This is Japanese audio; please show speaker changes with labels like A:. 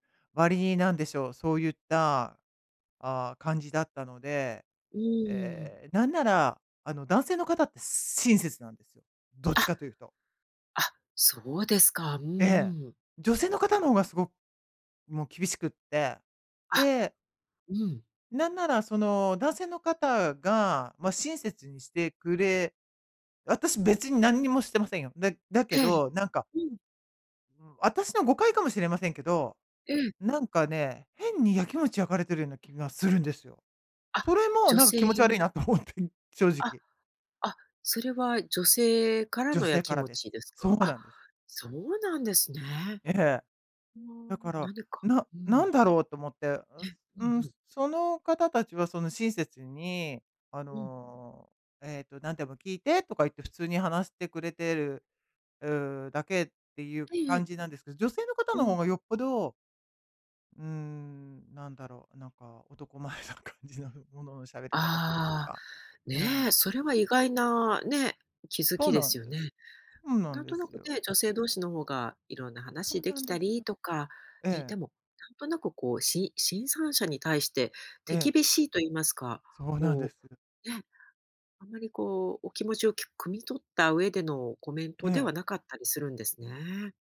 A: 割りに、なんでしょう、そういった、ああ、感じだったので、
B: うーん。
A: ええ、なんなら、あの、男性の方ってす親切なんですよ。どっ
B: あ、
A: ちかというと。
B: あ、そうですか。うん
A: ええ。
B: うん。
A: 女性の方の方がすごもう厳しくって。
B: あ、
A: で
B: うん。
A: なんなら、その、男性の方が、ま、親切にしてくれ私、別に何にもしてませんよ。だだけ
B: ええ。
A: ど、なんか
B: うん。
A: うーん、あたしの誤解かもしれませんけど、
B: ええ。
A: なんかね、変に焼きもち焼かれてるような気がするんですよ。
B: あ、
A: それも、
B: 女
A: なんか、
B: 性
A: 気持ち悪いなと思って、正
B: あ、
A: 直。
B: あ、それは女性から
A: 女
B: のや
A: 性か
B: き
A: ら
B: も
A: です。
B: ちです
A: そ
B: か？
A: う
B: あ、
A: なんです。
B: そうなんですね。
A: ええ。
B: あ
A: だか
B: あ、
A: ら、
B: なにか
A: な
B: う
A: な
B: ん。
A: んだろうと思って。う、
B: え、うん
A: うーん、
B: うん。
A: その方たちは、その、親切に、あ
B: うん。
A: の、えっと、なんでも聞いてとか言って、普通に話してくれてる、う、だけっていう
B: はい、い
A: 感
B: え。
A: じなんです。女性の方
B: う
A: の
B: ん。
A: 方がよっぽどうーん、なんだろう、なんか男前な感じの、ものの喋り方という
B: ああ、
A: か。うん。
B: ね、それは意外なね、気づ
A: そ
B: き
A: う
B: で
A: な
B: す
A: ん
B: よ
A: で
B: ね。
A: す。そうなん
B: なん
A: で
B: とな
A: す
B: く
A: よ。
B: ね、女性同士の方がいろんな
A: そ
B: 話
A: う
B: で
A: な
B: き
A: んで
B: た
A: す。
B: りとか、ね、
A: え
B: で
A: え。
B: も、なんとなく、こう、し新参者に対して手
A: ええ。
B: 厳しいと言いますか、
A: そうなんで
B: こ
A: す。
B: う、ね、あんまり、こう、お気持ちをき汲み取った上でのコメン
A: え
B: トで
A: え。
B: はなかったりするんですね。